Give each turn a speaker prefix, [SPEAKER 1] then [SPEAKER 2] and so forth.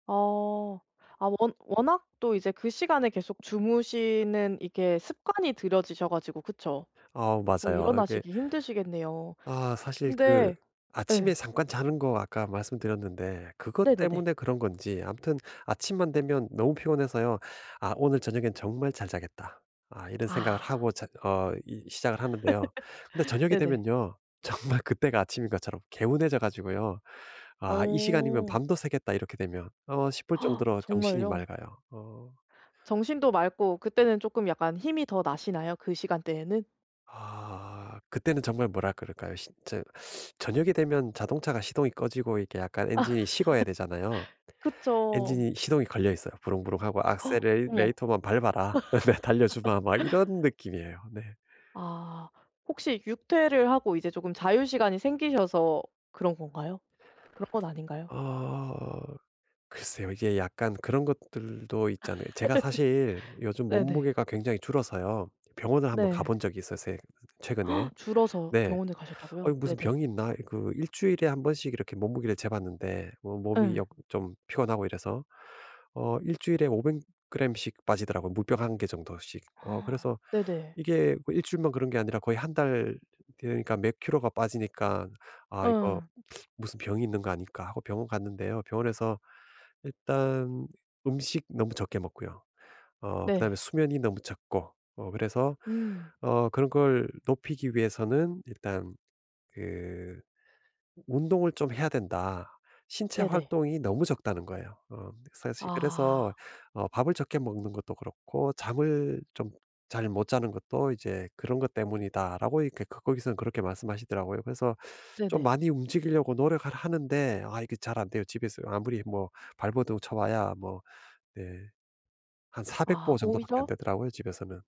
[SPEAKER 1] 어. 아 워 워낙 또 이제 그 시간에 계속 주무시는 이게 습관이 들여지셔 가지고 그쵸.
[SPEAKER 2] 아
[SPEAKER 1] 더
[SPEAKER 2] 맞아요. 이게
[SPEAKER 1] 일어나시기 힘드시겠네요.
[SPEAKER 2] 아 사실 그
[SPEAKER 1] 근데
[SPEAKER 2] 아침에
[SPEAKER 1] 예.
[SPEAKER 2] 잠깐 자는 거 아까 말씀드렸는데 그것
[SPEAKER 1] 네네네.
[SPEAKER 2] 때문에 그런 건지 아무튼 아침만 되면 너무 피곤해서요. '아 오늘 저녁에는 정말 잘 자겠다.' 아 이런 생각을
[SPEAKER 1] 아.
[SPEAKER 2] 하고 자 어 이 시작을 하는데요. 근데 저녁이
[SPEAKER 1] 네네.
[SPEAKER 2] 되면요. 정말 그때가 아침인 것처럼 개운해져 가지고요 '아 이 시간이면
[SPEAKER 1] 어.
[SPEAKER 2] 밤도 새겠다 이렇게 되면.' 어 싶을 정도로 정신이
[SPEAKER 1] 정말요?
[SPEAKER 2] 맑아요. 어.
[SPEAKER 1] 정신도 맑고 그때는 쪼끔 약간 힘이 더 나시나요 그 시간대에는?
[SPEAKER 2] 아 그때는 정말 뭐라 그럴까요? 시 저 저녁이 되면 자동차가 시동이 꺼지고 이렇게 약간 엔진이 식어야 되잖아요.
[SPEAKER 1] 그쵸.
[SPEAKER 2] 엔진이 시동이 걸려있어요. 부릉부릉 하고 '액셀레
[SPEAKER 1] 어머.
[SPEAKER 2] 레이터만 밟아라.' 네 '달려주마.' 막 이런 느낌이에요. 네.
[SPEAKER 1] 아. 혹시 육퇴를 하고 이제 조금 자유시간이 생기셔서 그런 건가요? 그런 건 아닌가요?
[SPEAKER 2] 어 글쎄요. 이게 약간 그런 것들도 있잖아요. 제가 사실 요즘
[SPEAKER 1] 네네.
[SPEAKER 2] 몸무게가 굉장히 줄어서요. 병원을 한번
[SPEAKER 1] 네.
[SPEAKER 2] 가본 적이 있었어요 최근에.
[SPEAKER 1] 줄어서
[SPEAKER 2] 네.
[SPEAKER 1] 병원에
[SPEAKER 2] 어 이
[SPEAKER 1] 가셨다고요?
[SPEAKER 2] 무슨
[SPEAKER 1] 네네.
[SPEAKER 2] 병이 있나? 그 1 주일에 1 번씩 이렇게 몸무게를 재봤는데 어 몸이
[SPEAKER 1] 예.
[SPEAKER 2] 역 좀 피곤하고 이래서 어 1 주일에 500 그램씩 빠지더라고요 물병 1 개 정도씩. 어 그래서
[SPEAKER 1] 네네.
[SPEAKER 2] 이게 뭐 1 주일만 그런 게 아니라 거의 1 달 그러니까 몇 킬로가 빠지니깐 '아 이거
[SPEAKER 1] 예.
[SPEAKER 2] 무슨 병이 있는 거 아닐까?' 하고 병원 갔는데요 병원에서 일단 음식 너무 적게 먹고요 어 그다음에
[SPEAKER 1] 네.
[SPEAKER 2] 수면이 너무 적고 어 그래서
[SPEAKER 1] 음.
[SPEAKER 2] 어 그런 걸 높이기 위해서는 일단 그 "운동을 좀 해야 된다. 신체
[SPEAKER 1] 네네.
[SPEAKER 2] 활동이 너무 적다."는 거예요. 어 사실
[SPEAKER 1] 아.
[SPEAKER 2] 그래서 어 "밥을 적게 먹는 것도 그렇고 잠을 좀 잘 못 자는 것도 이제 그런 것 때문이다."라고 이렇게 그 거기서는 그렇게 말씀하시더라고요. 그래서 좀
[SPEAKER 1] 네네.
[SPEAKER 2] 많이 움직이려고 노력을 하는데 아 이게 잘 안 돼요. 집에서 아무리 뭐 발버둥 쳐봐야 뭐 네 한 400
[SPEAKER 1] 아
[SPEAKER 2] 보 정도밖에 안
[SPEAKER 1] 오히려
[SPEAKER 2] 되더라고요 집에서는.